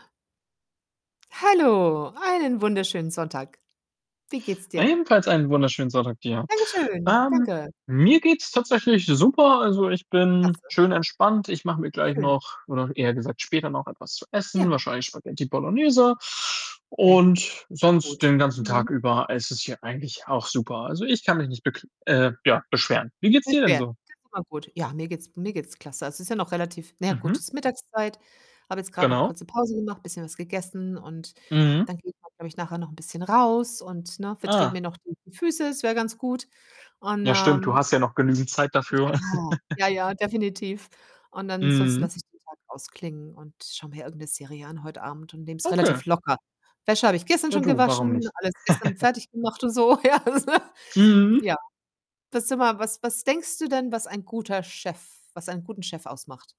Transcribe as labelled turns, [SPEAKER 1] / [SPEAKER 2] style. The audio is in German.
[SPEAKER 1] Hallo, einen wunderschönen Sonntag. Wie geht's dir?
[SPEAKER 2] Ebenfalls einen wunderschönen Sonntag dir.
[SPEAKER 1] Dankeschön.
[SPEAKER 2] Ähm,
[SPEAKER 1] Danke.
[SPEAKER 2] mir geht's tatsächlich super, also, ich bin
[SPEAKER 1] Klasse.
[SPEAKER 2] schön entspannt. Ich mache mir gleich
[SPEAKER 1] Schön.
[SPEAKER 2] noch oder eher gesagt später noch etwas zu essen,
[SPEAKER 1] Ja.
[SPEAKER 2] wahrscheinlich Spaghetti Bolognese.
[SPEAKER 1] Ja.
[SPEAKER 2] Und sonst
[SPEAKER 1] Gut.
[SPEAKER 2] den ganzen
[SPEAKER 1] Mhm.
[SPEAKER 2] Tag über ist es hier eigentlich auch super. Also, ich kann mich nicht bekl äh, ja, beschweren. Wie geht's dir denn
[SPEAKER 1] Beschweren
[SPEAKER 2] so?
[SPEAKER 1] [unintelligible] ist immer gut. Ja, mir geht's mir geht's klasse. Also, es ist ja noch relativ na ja gut,
[SPEAKER 2] Mhm.
[SPEAKER 1] ist Mittagszeit. Habe jetzt grade noch
[SPEAKER 2] Genau.
[SPEAKER 1] kurze Pause gemacht, bisschen was gegessen und
[SPEAKER 2] Mhm.
[SPEAKER 1] dann gehe ich, glaube ich, nachher noch 'n bisschen raus und, ne, vertrete
[SPEAKER 2] Ah.
[SPEAKER 1] mir noch die Füße, das wäre ganz gut. Und,
[SPEAKER 2] Ja stimmt, du
[SPEAKER 1] ähm
[SPEAKER 2] hast ja noch genügend Zeit
[SPEAKER 1] Ja.
[SPEAKER 2] dafür.
[SPEAKER 1] Ja, ja, definitiv und ansonsten
[SPEAKER 2] Mhm.
[SPEAKER 1] lasse ich den Tag ausklingen und schaue mir irgend 'ne Serie an heute Abend und nehme es
[SPEAKER 2] Okay.
[SPEAKER 1] relativ locker. Wäsche habe ich gestern
[SPEAKER 2] Ja
[SPEAKER 1] schon
[SPEAKER 2] du, warum
[SPEAKER 1] gewaschen,
[SPEAKER 2] nicht?
[SPEAKER 1] alles gestern fertig gemacht und so, ja.
[SPEAKER 2] Mhm.
[SPEAKER 1] Ja. Du sage mal, was was denkst du denn, was ein guter Chef was einen guten Chef ausmacht?